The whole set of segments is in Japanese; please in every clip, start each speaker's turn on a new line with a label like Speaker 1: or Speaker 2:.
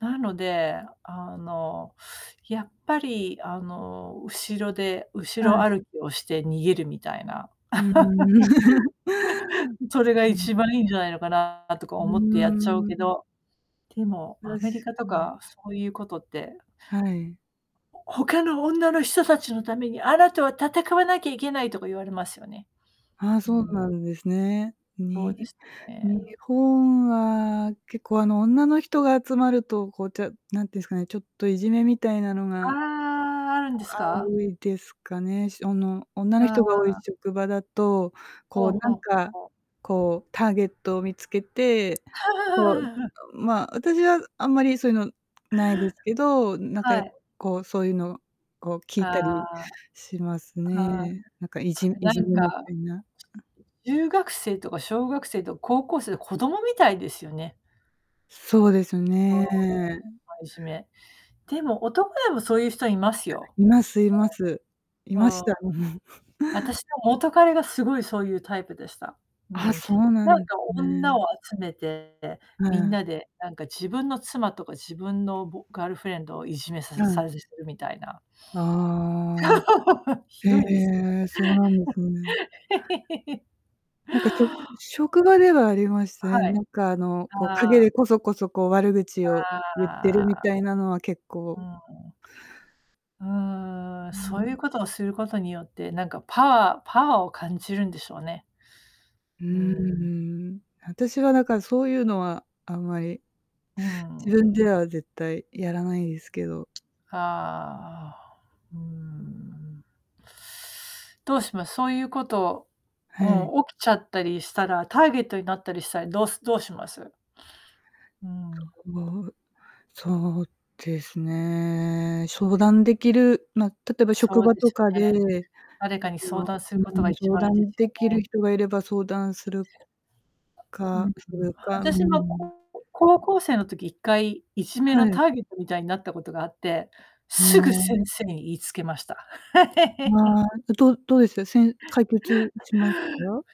Speaker 1: なので、あの、やっぱりあの、後ろで後
Speaker 2: は
Speaker 1: ろ
Speaker 2: い。
Speaker 1: 歩きをして逃げるみたいな。
Speaker 2: うん。
Speaker 1: うん、そ
Speaker 2: そ
Speaker 1: れが
Speaker 2: う、う
Speaker 1: 一
Speaker 2: ん。
Speaker 1: 番いいんじゃないのかなとか
Speaker 2: う
Speaker 1: 思ってやっちゃう
Speaker 2: ー
Speaker 1: け
Speaker 2: ん。
Speaker 1: ど、てもア
Speaker 2: 確
Speaker 1: メリカと
Speaker 2: かに。
Speaker 1: かそういうことって
Speaker 2: はい。
Speaker 1: 「他の女の人たちのために、あなたは戦わなきゃいけない」とか言われますよね。
Speaker 2: あ、
Speaker 1: う
Speaker 2: そう
Speaker 1: ん。
Speaker 2: なんですね。
Speaker 1: そう
Speaker 2: に
Speaker 1: ですと
Speaker 2: 日
Speaker 1: ね。
Speaker 2: 本は結構、あの、女の人が集まると、こう、てう何て言うんすかね、ちょっといじめみたいなの
Speaker 1: あ
Speaker 2: が、あ、あ
Speaker 1: あ、あるんですか？
Speaker 2: ういですかね、しおの女
Speaker 1: あ
Speaker 2: の
Speaker 1: あ
Speaker 2: 人が多い
Speaker 1: ああ。
Speaker 2: 職場だと、こ
Speaker 1: ほう
Speaker 2: うな
Speaker 1: ほ
Speaker 2: ん
Speaker 1: う、はう、
Speaker 2: か、
Speaker 1: ほう。
Speaker 2: こうターゲットを見つけて、こう、う あ、まあ、私はあんまりそういうの無いですけど、うん、なんか
Speaker 1: は
Speaker 2: や
Speaker 1: い。
Speaker 2: こうそういうのを聞いた
Speaker 1: あ
Speaker 2: り
Speaker 1: あ。
Speaker 2: します
Speaker 1: ああ、
Speaker 2: ね。なんかい
Speaker 1: そ
Speaker 2: じ
Speaker 1: れ
Speaker 2: い
Speaker 1: な
Speaker 2: じめ
Speaker 1: ん
Speaker 2: み
Speaker 1: か、
Speaker 2: たいな。うん。
Speaker 1: ちうゆう学生とか小学生と高校生、で、子供みたいですよね。
Speaker 2: そうです
Speaker 1: うんうん。
Speaker 2: ね。
Speaker 1: たいじめ。で
Speaker 2: うん。
Speaker 1: も、男でもそういう人います
Speaker 2: あ、
Speaker 1: よ。
Speaker 2: いますいます。いま
Speaker 1: ああ、
Speaker 2: し
Speaker 1: うん。
Speaker 2: た。
Speaker 1: 私の元彼がすごいそういうタイプでした。う
Speaker 2: あ、
Speaker 1: ん。
Speaker 2: そうなん
Speaker 1: なん
Speaker 2: ん
Speaker 1: か女
Speaker 2: ね。
Speaker 1: を集めて、で、
Speaker 2: あ
Speaker 1: みん
Speaker 2: あ。
Speaker 1: なでなんか自分の妻とか自分のぼガールフレンドをいじめさ
Speaker 2: や、
Speaker 1: す
Speaker 2: うん。
Speaker 1: さぜするみたいな。
Speaker 2: ああ。
Speaker 1: ひ
Speaker 2: へ
Speaker 1: どいです
Speaker 2: え、そうなんですね。
Speaker 1: ね。
Speaker 2: なんかちょ
Speaker 1: はい。
Speaker 2: 職場ではありましたね。
Speaker 1: は
Speaker 2: な
Speaker 1: い、
Speaker 2: んかあの、こう
Speaker 1: あ
Speaker 2: 陰
Speaker 1: あ。
Speaker 2: でこそこそ、こう、悪口を言って
Speaker 1: あ
Speaker 2: るみ
Speaker 1: あ。
Speaker 2: たいなのは結
Speaker 1: う
Speaker 2: 構。
Speaker 1: ーん。うーん、
Speaker 2: うー
Speaker 1: そうい
Speaker 2: ん。
Speaker 1: うことをすることによって、なんかパワーパワーを感じるんでしょうね。
Speaker 2: うー
Speaker 1: うーん。
Speaker 2: ん、うん。私はだからそういうのはあんまり、
Speaker 1: うー
Speaker 2: 自
Speaker 1: ん。
Speaker 2: 分では絶対やらないですけど。
Speaker 1: はあ、あお、うーん、うん。どうします、そういうこと、
Speaker 2: はい。
Speaker 1: もう起きちゃったりしたら、ターゲットになったりしたり、どうすどうします？うん。
Speaker 2: そう、そうですね、しょうだんできる、ま、例えば職
Speaker 1: そう
Speaker 2: 場
Speaker 1: で
Speaker 2: と
Speaker 1: す
Speaker 2: か
Speaker 1: よ
Speaker 2: で、
Speaker 1: ね。誰かに相談す
Speaker 2: う
Speaker 1: ることが
Speaker 2: ん、
Speaker 1: 一
Speaker 2: 相
Speaker 1: 番いいで
Speaker 2: 談
Speaker 1: すよ
Speaker 2: できる
Speaker 1: ね。
Speaker 2: 人がいれば相談
Speaker 1: あ、
Speaker 2: する
Speaker 1: うんう
Speaker 2: か、
Speaker 1: ん、
Speaker 2: するか、
Speaker 1: あ
Speaker 2: うー
Speaker 1: たしも、
Speaker 2: ん。
Speaker 1: ここ高校生の時一回いじめ
Speaker 2: は
Speaker 1: の
Speaker 2: い。
Speaker 1: ターゲットみたいになったことがあって、
Speaker 2: あ、
Speaker 1: すぐ
Speaker 2: おん。
Speaker 1: 先生に言いつけました。
Speaker 2: まあ、え、どうどうですか、せん解決しまた？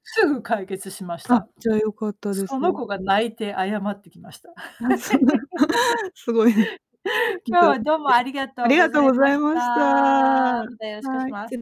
Speaker 1: すぐ解決しまし
Speaker 2: あ、
Speaker 1: た。
Speaker 2: じゃあ、よかったで
Speaker 1: そ
Speaker 2: す。
Speaker 1: の子が泣いて謝ってきました。
Speaker 2: あ、そんな、すごいね。ぬ
Speaker 1: 今日
Speaker 2: かうっ
Speaker 1: はどうも
Speaker 2: て。
Speaker 1: あり
Speaker 2: う
Speaker 1: が
Speaker 2: あ
Speaker 1: とう
Speaker 2: り
Speaker 1: ご
Speaker 2: が
Speaker 1: ざ
Speaker 2: とう
Speaker 1: い
Speaker 2: ござ
Speaker 1: ま
Speaker 2: い
Speaker 1: し
Speaker 2: ました。
Speaker 1: た。またよろしくおし
Speaker 2: はい。
Speaker 1: ま
Speaker 2: つ
Speaker 1: す。
Speaker 2: れ